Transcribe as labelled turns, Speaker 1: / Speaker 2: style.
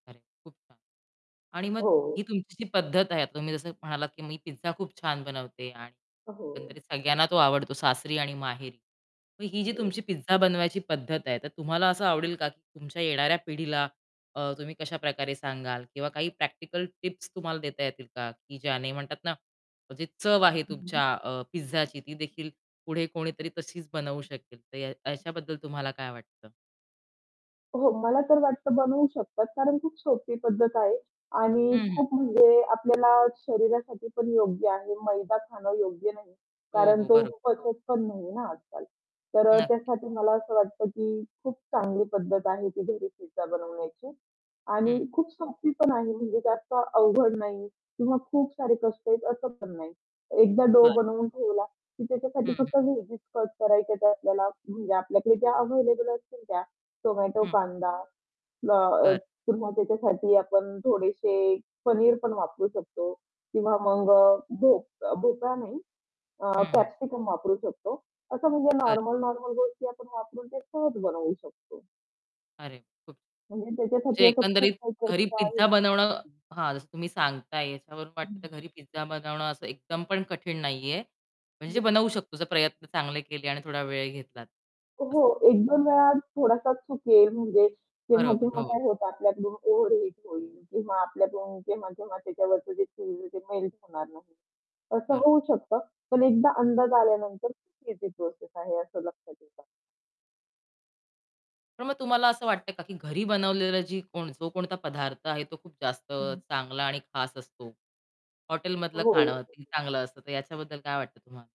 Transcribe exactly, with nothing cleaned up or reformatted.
Speaker 1: अरे! खूप छान. आणि मग
Speaker 2: हो,
Speaker 1: ही
Speaker 2: हो.
Speaker 1: तुमची जी पद्धत आहे. आता तुम्ही जसं म्हणालात, की मी पिझ्झा खूप छान बनवते. आणि
Speaker 2: अ, हो.
Speaker 1: एकंदरीत सगळ्यांना तो आवडतो, सासरी आणि माहेरी. मग ही जी तुमची
Speaker 2: हो.
Speaker 1: पिझ्झा बनवायची पद्धत आहे, तर तुम्हाला असं आवडेल का की तुमच्या येणाऱ्या पिढीला अ, तुम्ही कशा प्रकारे सांगाल, किंवा काही प्रॅक्टिकल टिप्स तुम्हाला देता येतील का? की ज्याने म्हणतात ना, म्हणजे चव आहे
Speaker 2: हं,
Speaker 1: तुमच्या
Speaker 2: हं.
Speaker 1: अ, पिझ्झाची, ती देखील पुढे कोणीतरी तशीच बनवू शकेल. तर या याच्याबद्दल तुम्हाला काय वाटतं?
Speaker 2: हो, मला तर वाटतं बनवू शकतात, कारण खूप सोपी पद्धत आहे आणि
Speaker 1: हं, हं.
Speaker 2: खूप म्हणजे आपल्याला शरीरासाठी पण योग्य आहे. मैदा खाणं योग्य नाही,
Speaker 1: हो,
Speaker 2: कारण
Speaker 1: हो,
Speaker 2: तो
Speaker 1: बरं.
Speaker 2: पचत पण नाहीये ना, आज-काल. तर अ,
Speaker 1: नक्की.
Speaker 2: त्यासाठी मला असं वाटतं, की खूप चांगली पद्धत आहे, की घरी पिझ्झा बनवण्याची.
Speaker 1: हं,
Speaker 2: आणि
Speaker 1: हं.
Speaker 2: खूप सोपी पण आहे, म्हणजे जास्त अवघड नाही किंवा खूप सारे कष्ट आहेत, असं पण नाही. एकदा डो
Speaker 1: बरं.
Speaker 2: बनवून ठेवला, की त्याच्यासाठी
Speaker 1: हं, हं.
Speaker 2: फक्त व्हेजीस कट करायच्या त्या आपल्याला, म्हणजे आपल्याकडे ज्या अव्हेलेबल असतील त्या. टोमॅटो,
Speaker 1: हं.
Speaker 2: कांदा. ना अ,
Speaker 1: बरं.
Speaker 2: पुन्हा त्याच्यासाठी आपण थोडेशे पनीर पण वापरू शकतो, किंवा मग अ, भोप अ, भोपळा नाही, अ,
Speaker 1: हं, हं.
Speaker 2: कॅप्सिकम वापरू शकतो. असं म्हणजे
Speaker 1: बरं.
Speaker 2: नॉर्मल-नॉर्मल गोष्टी आपण वापरून ते सहज बनवू शकतो.
Speaker 1: अरे! खूप
Speaker 2: म्हणजे त्याच्यासाठी
Speaker 1: म्हणजे
Speaker 2: असं खूप
Speaker 1: एकंदरीत
Speaker 2: काही
Speaker 1: घरी
Speaker 2: कष्ट
Speaker 1: पिझ्झा
Speaker 2: आहे
Speaker 1: बनवणं
Speaker 2: [unintelligible]
Speaker 1: हां, जसं तुम्ही सांगताय याच्यावरून
Speaker 2: हं,
Speaker 1: वाटतं तर
Speaker 2: हं.
Speaker 1: घरी पिझ्झा बनवणं असं एकदम पण कठीण नाहीये.
Speaker 2: [unintelligible]
Speaker 1: म्हणजे बनवू शकतो, जर प्रयत्न चांगले केले आणि थोडा वेळ घेतलात असं.
Speaker 2: हो, एक दोन वेळा थोडासा चुकेल, म्हणजे
Speaker 1: बरोबर,
Speaker 2: तेव्हा-तेव्हा
Speaker 1: हो.
Speaker 2: काय होतं आपल्याकडून ओव्हर हीट होईल, किंवा आपल्याकडून केव्हा-केव्हा त्याच्यावरचे जे चीझ मेल्ट होणार नाही. असं
Speaker 1: खरं.
Speaker 2: होऊ शकतं, पण एकदा अंदाज आल्यानंतर ईझी प्रोसेस आहे, असं लक्षात येतं.
Speaker 1: तर मग तुम्हाला असं वाटतं आहे का, की घरी बनवलेलं जी कोण जो कोणता पदार्थ आहे, तो खूप जास्त
Speaker 2: हं, हं.
Speaker 1: चांगला आणि खास असतो. हॉटेलमधलं
Speaker 2: हो.
Speaker 1: खाणं किती चांगलं असतं, तर याच्याबद्दल काय वाटतं तुम्हाला?